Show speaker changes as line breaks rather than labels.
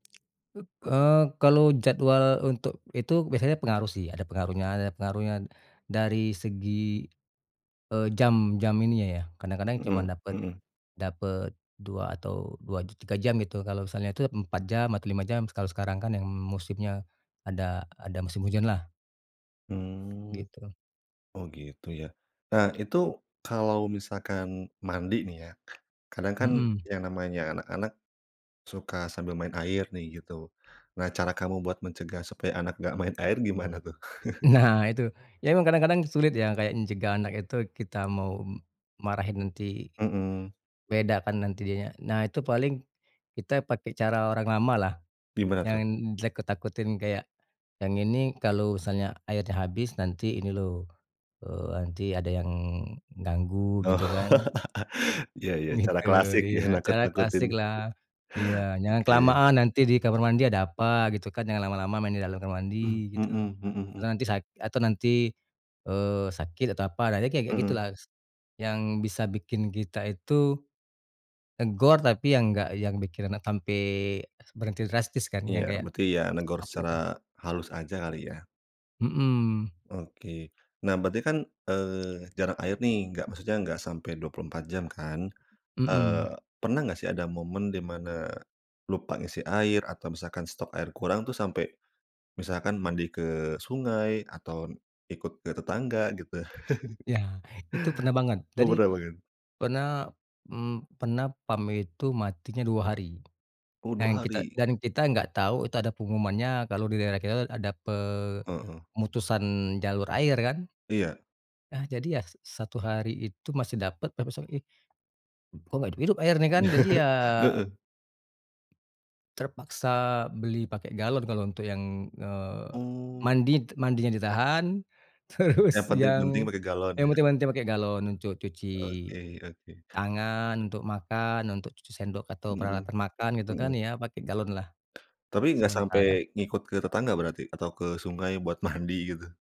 Up eee, kalau jadwal untuk itu biasanya pengaruh, sih, ada pengaruhnya ada pengaruhnya dari segi, e jam jam ininya, ya, kadang-kadang
Hmm
cuman dapat
hmm.
dapat 2 atau 2 j tiga jam, gitu. Kalau misalnya itu, 4 jam atau 5 jam, kalau sekarang, kan, yang musimnya ada ada musim hujanlah.
Mmm.
Gitu.
Oh, gitu, ya. Nah, itu, kalau misalkan mandi, nih ya, kadang, kan,
Hmm.
yang namanya anak-anak suka sambil main air, nih, gitu. Nah, cara kamu buat mencegah supaya anak enggak main air gimana, tuh?
Nah, itu. Iya, emang kadang-kadang sulit, ya, kayak cegah anak itu. Kita mau m marahin, nanti,
Hmm.
beda, kan, nanti dianya nah, itu paling kita pakai cara orang lamalah,
Gimana, tuh?
yang ditakut-takutin, kayak, "Yang ini, kalau misalnya airnya habis, nanti ini, loh, eee, nanti ada yang nganggu,"
Oh,
gitu, kan.
ya ya. Cara
Gitu,
klasik, ya,
iya. Cara
nakut-nakutin.
klasiklah, iya. "Jangan
Oke.
kelamaan, nanti di kamar mandi ada apa," gitu, kan. "Jangan lama-lama main di dalam kamar
Mhm,
mandi," gitu.
hmm hmm hmm.
Atau, "Nanti sak atau, nanti, eee, sakit atau apa, nah, nanti," kayak-kayak
Mhm.
gitulah s yang bisa bikin kita itu negor, tapi yang enggak, yang bikin anak sampai berhenti drastis, kan, yang
Iya.
kayak
Berarti, ya, negor
Oh, gitu.
secara halus aja kali, ya.
Mhm.
Oke. Nah, berarti, kan, eee, jarak air, nih, enggak, maksudnya enggak sampai 24 jam, kan.
Mhm.
Eee, pernah enggak, sih, ada momen di mana lupa ngisi air, atau misalkan stok air kurang, tuh, sampe misalkan mandi ke sungai atau ikut ke tetangga, gitu?
Iya, itu pernah banget.
Oh,
Jadi,
pernah banget.
pernah, mmm, pernah PAM itu matinya 2 hari.
Oh,
Yang
2
kita
hari.
dan kita enggak tahu itu ada pengumumannya kalau di daerah kita, tuh, ada
Heeh.
pemutusan jalur air, kan.
Iya.
Ah, jadi ya sa satu hari itu masih dapat, tapi besok pagi, kok, enggak hidup-hidup airnya, kan? Jadi, ya
Heeh.
terpaksa beli pakai galon. Kalau untuk yang, eee,
Oh.
mandi t mandinya ditahan.
Yang
Terus,
penting-penting
yang,
pakai galon,
ya
ya.
mandi- mandi pakai galon untuk cuci
Oke oke.
tangan, untuk makan, untuk cuci sendok, atau
Hmm,
peralatan makan, gitu, kan,
hmm.
ya, pakai galonlah,
Tapi, enggak
sementara.
sampai ngikut ke tetangga berarti, atau ke sungai buat mandi, gitu?